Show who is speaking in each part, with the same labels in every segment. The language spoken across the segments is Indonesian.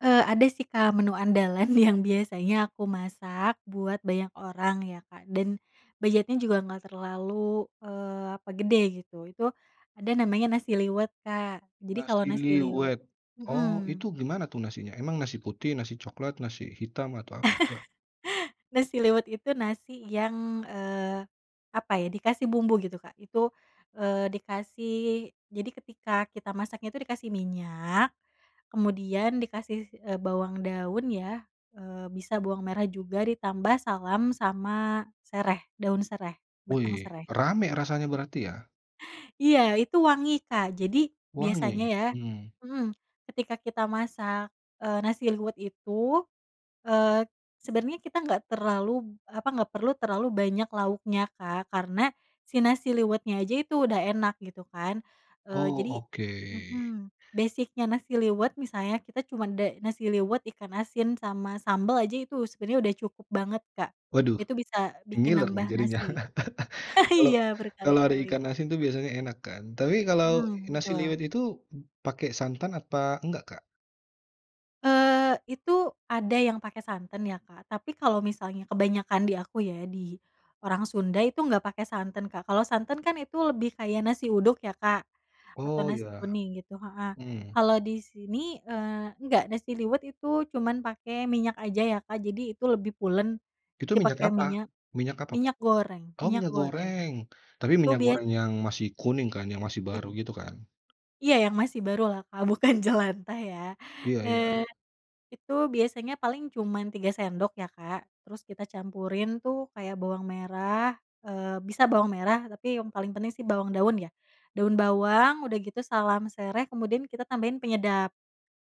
Speaker 1: Eee, ada sih, Kak, menu andalan yang biasanya aku masak buat banyak orang ya, Kak, dan budgetnya juga enggak terlalu, eee, apa gede gitu, itu ada namanya nasi liwet, Kak, jadi kalo
Speaker 2: Nasi
Speaker 1: nasi liwet
Speaker 2: liwet. Oh itu
Speaker 1: mhm.
Speaker 2: gimana tuh nasinya, emang nasi putih, nasi coklat, nasi hitam atau apa tuh, Kak?
Speaker 1: Nasi liwet itu nasi yang, eee, apa ya dikasih bumbu gitu Kak, itu, eee, dikasih jadi ketika kita masaknya itu dikasih minyak, kemudian dikasih, si eee, bawang daun ya, eee, bisa bawang merah juga ditambah salam sama sereh, daun sereh, batang
Speaker 2: Wei,
Speaker 1: sereh.
Speaker 2: ramai rasanya berarti ya?
Speaker 1: Iya itu wangi Kak, jadi biasanya
Speaker 2: Wangi,
Speaker 1: ya
Speaker 2: mhm.
Speaker 1: mhm, ketika kita masak, eee, nasi liwet itu, eee, sebenarnya kita enggak terlalu, b apa enggak perlu terlalu banyak lauknya, Kak, karena si nasi liwetnya aja itu udah enak gitu kan, eee,
Speaker 2: Oh
Speaker 1: jadi
Speaker 2: oke.
Speaker 1: mhm, basic-nya nasi liwet misalnya kita cuma ada nasi liwet, ikan asin sama sambal aja itu sebenernya udah cukup banget, Kak,
Speaker 2: Waduh,
Speaker 1: itu bisa bikin
Speaker 2: ngiler nih
Speaker 1: nambah
Speaker 2: jadinya
Speaker 1: nasi.
Speaker 2: kalau,
Speaker 1: Iya,
Speaker 2: kalau ada
Speaker 1: berkali-kali.
Speaker 2: ikan asin tu biasanya enak kan tapi kalau
Speaker 1: Mmm,
Speaker 2: nasi
Speaker 1: betul.
Speaker 2: liwet itu b pakai santan apa enggak, Kak?
Speaker 1: Eee, itu ada yang pakai santan ya, Kak, tapi kalau misalnya kebanyakan di aku ya, di orang Sunda itu enggak pakai santan, Kak, kalau santan kan itu lebih kayak nasi uduk ya, Kak, atau
Speaker 2: Oh
Speaker 1: nasi
Speaker 2: ya.
Speaker 1: kuning gitu heeh,
Speaker 2: Mhm.
Speaker 1: kalau di sini, eee enggak nasi liwet itu cuma pake minyak aja ya, Kak, jadi itu lebih pulen,
Speaker 2: Itu
Speaker 1: jadi
Speaker 2: minyak
Speaker 1: pake
Speaker 2: apa?
Speaker 1: minyak,
Speaker 2: Minyak apa, Kak?
Speaker 1: minyak goreng
Speaker 2: Oh
Speaker 1: minyak
Speaker 2: minyak
Speaker 1: goreng.
Speaker 2: goreng tapi
Speaker 1: Itu
Speaker 2: minyak goreng
Speaker 1: biasa.
Speaker 2: yang masih kuning kan, yang masih
Speaker 1: I
Speaker 2: baru gitu kan?
Speaker 1: Iya yang masih baru lah, Kak, bukan jelantah ya,
Speaker 2: Iya iya.
Speaker 1: eee itu biasanya paling cuman 3 sendok ya, Kak, terus kita campurin tuh kayak bawang merah, eee, bisa bawang merah tapi yang paling penting sih bawang daun ya, daun bawang udah gitu salam sereh kemudian kita tambahin penyedap.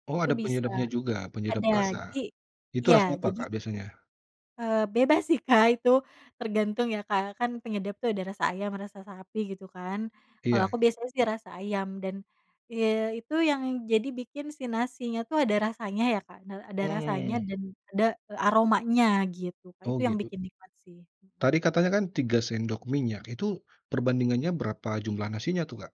Speaker 2: Oh
Speaker 1: Itu
Speaker 2: ada
Speaker 1: bisa
Speaker 2: penyedapnya juga, penyedap
Speaker 1: ada
Speaker 2: rasa,
Speaker 1: jadi
Speaker 2: itu
Speaker 1: iya
Speaker 2: rasa apa,
Speaker 1: jadi
Speaker 2: Kak, biasanya?
Speaker 1: Eee, bebas sih, Kak, itu tergantung ya, Kak, kan penyedap itu ada rasa ayam, rasa sapi gitu kan, kalo
Speaker 2: Iya.
Speaker 1: aku biasanya sih rasa ayam dan ye itu yang jadi bikin si nasinya tuh ada rasanya ya, Kak, na ada rasanya
Speaker 2: Mhm.
Speaker 1: dan ada, eee, aromanya gitu, Kak,
Speaker 2: Oh
Speaker 1: itu yang
Speaker 2: gitu.
Speaker 1: bikin nikmat sih, mhm.
Speaker 2: Tadi katanya kan 3 sendok minyak, itu perbandingannya berapa jumlah nasinya tuh, Kak?